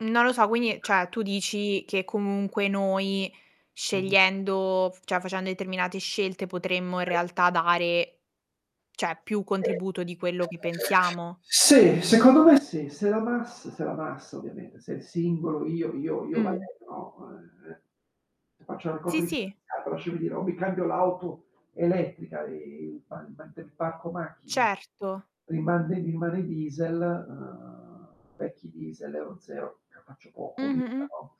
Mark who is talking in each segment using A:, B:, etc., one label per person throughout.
A: Non lo so quindi cioè, tu dici che comunque noi
B: Mh-mh.
A: scegliendo cioè, facendo determinate scelte, potremmo in
B: [unintelligible]
A: realtà dare, cioè più contributo di quello che
B: [unintelligible]
A: pensiamo?
B: Sì, secondo me sì. Se la mas se la massa ovviamente, se è il singolo io io io
A: Mh.
B: Valerio, no, ehm, faccio la raccolta
A: Sì, sì.
B: differenziata lasciami dire o mi cambio l'auto elettrica e [unintelligible] parco macchine,
A: Certo.
B: [unintelligible] diesel, uhm, vecchi diesel, Euro 0, me ne faccio
A: Mh,
B: poco o
A: mh,
B: nulla,
A: mh.
B: no.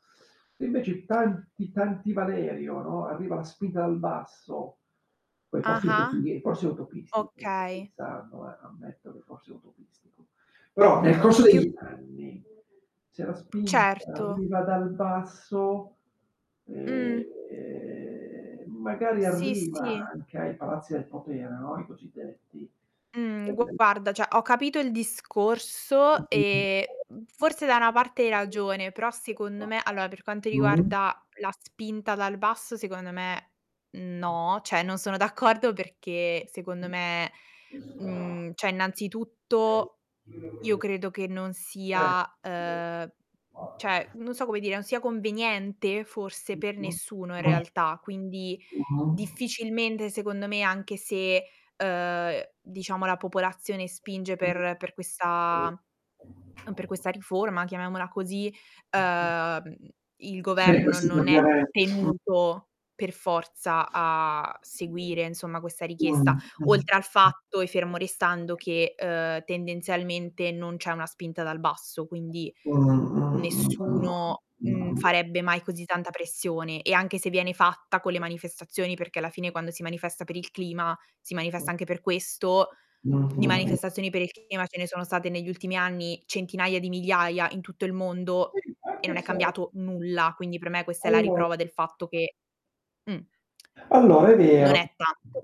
B: Invece tanti, tanti Valerio, no, arriva la spinta dal basso, poi
A: Ah-ah.
B: [unintelligible] forse è utopistico, sto
A: Okay.
B: pensando, eh ammetto che forse è utopistico. Però nel corso
A: Mh, più
B: degli anni se la spinta
A: Certo.
B: arriva dal basso,
A: Mh.
B: ehm, magari
A: Sì,
B: arriva
A: sì.
B: anche ai palazzi del potere, no, i cosiddetti.
A: Mh.
B: [unintelligible]
A: Guarda cioè, ho capito il
B: Mh,
A: discorso
B: mh,
A: e, mhmm, forse da una parte hai ragione, però secondo me allora, per quanto
B: mh. Mh.
A: riguarda la spinta dal basso, secondo me no, cioè non sono d'accordo perché secondo me, mhmm, cioè, innanzitutto io
B: [unintelligible]
A: credo che non
B: Eh.
A: sia, ehm, cioè,
B: [unintelligible]
A: non so come dire, non sia conveniente forse per nessuno in
B: [unintelligible]
A: realtà, quindi
B: [unintelligible]
A: difficilmente secondo me, anche se, uhm, diciamo la popolazione spinge per per questa per
B: [unintelligible]
A: questa riforma, chiamiamola così,
B: [unintelligible]
A: uhm, il
B: Sì,
A: governo
B: questo per
A: non è
B: dire m
A: tenuto per forza a seguire, insomma, questa
B: Mh,
A: richiesta.
B: mh, mh.
A: Oltre al fatto e fermo restando che, ehm, tendenzialmente non c'è una spinta dal basso, quindi nessuno, mhmm,
B: [unintelligible]
A: farebbe mai così tanta pressione e anche se viene fatta con le manifestazioni, perché alla fine quando si manifesta per il clima si
B: Mh.
A: manifesta anche per questo,
B: Mh,
A: di
B: mh, mh.
A: manifestazioni per il clima ce ne sono state negli ultimi anni centinaia di migliaia, in tutto il mondo
B: Sì,
A: e non
B: anche
A: è
B: se
A: cambiato nulla, quindi per me questa è la
B: [unintelligible]
A: riprova del fatto che, mh,
B: Allora, è
A: non
B: vero
A: è tanto.